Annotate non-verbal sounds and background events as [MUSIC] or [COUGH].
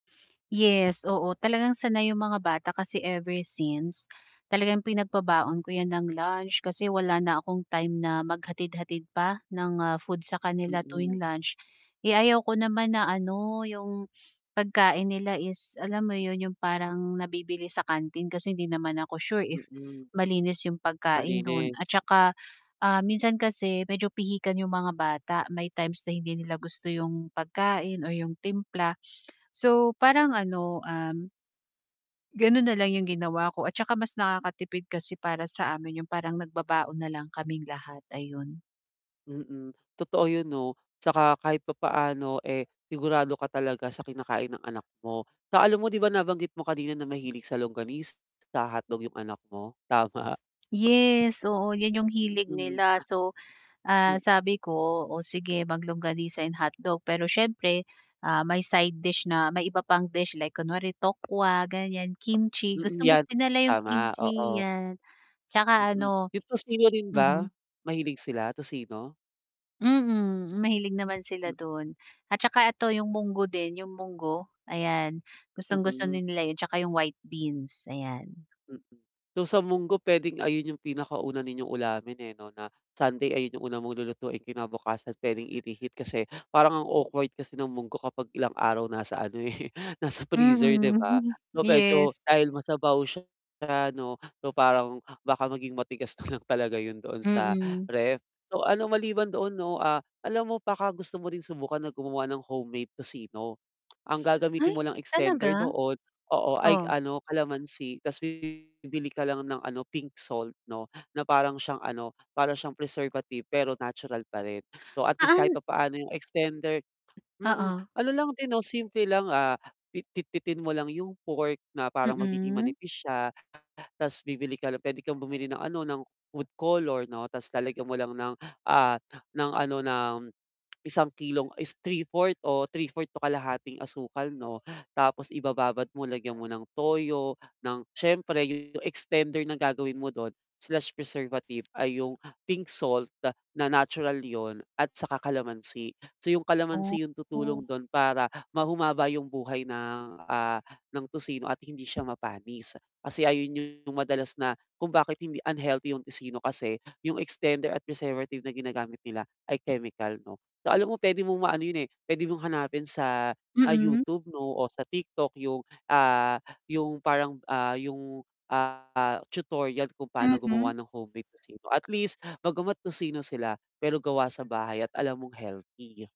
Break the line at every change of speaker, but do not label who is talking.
Yes, oo, talagang sanay yung mga bata kasi ever since talagang pinagbabaon ko yan ng lunch kasi wala na akong time na maghatid-hatid pa ng, ah, food sa kanila tuwing
Mm.
lunch. Eh, ayaw ko naman na ano yung pagkain nila is alam mo yun yung parang nabibili sa kantin kasi hindi naman ako sure if
Mm.
malinis yung pagkain dun
Malinis.
at tsaka, ah, minsan kasi medyo pihikan yung mga bata may times na hindi nila gusto yung pagkain or yung timpla. So parang ano, um ganun nalang yung ginawa ko at tsaka mas nakakatipid kasi para sa amin yung parang nagbabaon na lang kaming lahat ayun.
Mm. Totoo yun 'no tsaka kahit papaano, eh, sigurado ka talaga sa kinakain ng anak mo. Sa alam mo 'di ba nabanggit mo kanina na mahilig sa longanisa, hotdog yung anak mo, tama?
Yes, oo, yan yung hilig
Mm.
nila so, ah,
M
sabi ko o sige mag-longanisa and hotdog, pero siyempre, ah, may side dish na may iba pang dish like kunwari tokwa, ganyan, kimchi,
Mm,
gustong
yan
gusto lang yung
tama,
kimchi
oo.
yan, tsaka
Mm.
ano
Yung tocino rin ba
mhm.
mahilig sila, tocino?
Mm. Mahilig naman sila
M
dun at tsaka eto yung munggo din, yung munggo ayan, gustong-gusto
Mm.
din nila yun tsaka yung white beans, ayan.
Mm. So sa munggo pwedeng ayun yung pinakauna ninyong ulamin eh, 'no, na Sunday ayun yung una mong lulutuin kinabukasan pwedeng i-reheat, kasi parang ang awkward kasi ng munggo kapag ilang araw nasa ano eh, nasa freezer 'di
Mm.
ba?
[CHUCKLES]
So, medyo
Yes.
dahil masabaw siya ano, so parang baka maging matigas na lang talaga yun doon sa
Mm.
ref. So ano, maliban doon 'no, ah, alam mo baka gusto mo din subukan na gumawa ng homemade tocino? Ang gagamitin
Ay
mo lang extender
talaga?
doon, oo, ay
O?
ano, kalamansi tas bibili ka lang ng ano, pink salt 'no, na parang siyang ano para siyang preservative pero natural pa rin. So at least kahit
Paan
papaano yung extender mm.
Oo.
Ano lang din 'no simple lang, ah, pitpitin mo lang yung pork na parang magiging
Mm.
manipis siya tas bibili ka lang pwede kang bumili ng ano, ng food color no tas lalagyan mo lang ng, ah, ng ano ng, isang kilong is 3/4 o 3/4 to kalahating asukal 'no. Tapos ibababad mo lagyan mo ng toyo ng siyempre yung extender na gagawin mo dun, slash preservative ay yung pink salt na natural yun at saka kalamansi. So yung kalamansi yun
Oh.
tutulong dun para ma humaba yung buhay ng, ah, ng tocino at hindi siya mapanis. Kasi ayun yung madalas na kung bakit hindi unhealthy yung tocino kasi yung extender at preservative na ginagamit nila ay chemical 'no. So alam mo pwede mong maano yun, eh, pwede mong hanapin sa, ah,
Mm.
YouTube 'no o sa TikTok yung, ah, yung parang, ah, yung ah, tutorial kung pano
Mm.
gumawa ng homemade tocino at least bagamat tocino sila, pero gawa sa bahay at alam mong healthy.